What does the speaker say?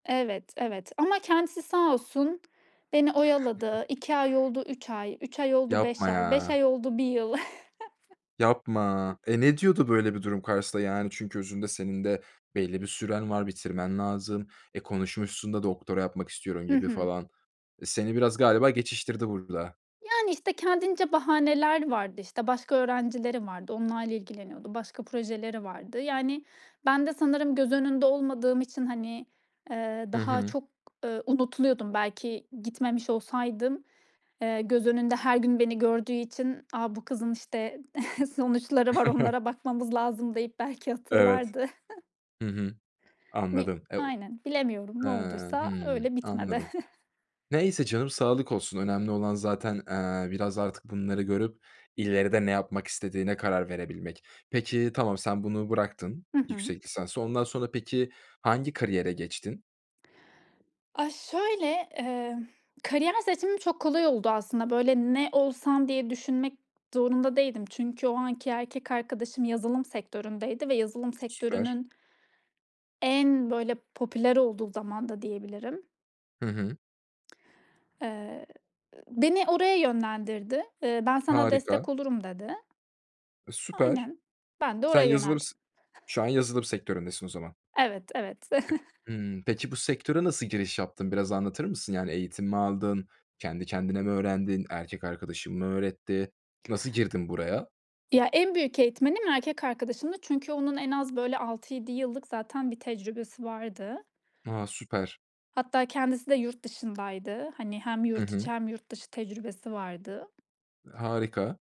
Evet, evet, ama kendisi sağ olsun beni oyaladı. 2 ay oldu 3 ay, 3 ay oldu 5 Yapma ay, 5 ya. ay oldu 1 yıl. Yapma. E, ne diyordu böyle bir durum karşısında? Yani çünkü özünde senin de belli bir süren var, bitirmen lazım. E, konuşmuşsun da doktora yapmak istiyorum Hı gibi hı. falan. E, seni biraz galiba geçiştirdi burada. Yani, işte, kendince bahaneler vardı, işte, başka öğrencileri vardı, onlarla ilgileniyordu, başka projeleri vardı. Yani ben de sanırım göz önünde olmadığım için, hani, eee, Hı daha hı. çok, ııı, unutuluyordum. Belki gitmemiş olsaydım, eee, göz önünde her gün beni gördüğü için, "A! Bu kızın, işte, sonuçları var, onlara bakmamız lazım." deyip belki Evet. hatırlardı. Hı hı. Bil Anladım. E, o aynen. Bilemiyorum. Ha! Ne olduysa Hıı, öyle bitmedi. anladım. Neyse canım, sağlık olsun. Önemli olan zaten, eee, biraz artık bunları görüp ileride ne yapmak istediğine karar verebilmek. Peki, tamam, sen bunu bıraktın, Hı hı. yüksek lisansı, ondan sonra peki hangi kariyere geçtin? Aaa, şöyle, emm, kariyer seçimim çok kolay oldu aslında. Böyle ne olsam diye düşünmek zorunda değildim. Çünkü o anki erkek arkadaşım yazılım sektöründeydi ve yazılım Süper. sektörünün en böyle popüler olduğu zaman da diyebilirim. Hı hı. Eee, beni oraya yönlendirdi. Eee, "Ben sana Harika. destek olurum." dedi. E, süper. Aynen. Ben de Sen oraya yazılım yöneldim. s Şu an yazılım sektöründesin o zaman. Evet, evet. Hımm, peki bu sektöre nasıl giriş yaptın, biraz anlatır mısın? Yani eğitim mi aldın, kendi kendine mi öğrendin, erkek arkadaşın mı öğretti? Nasıl girdin buraya? Ya, en büyük eğitmenim erkek arkadaşımdı çünkü onun en az, böyle, 6-7 yıllık zaten bir tecrübesi vardı. A, süper! Hatta kendisi de yurt dışındaydı. Hani, hem Hı yurt hı. içi hem yurt dışı tecrübesi vardı. Harika.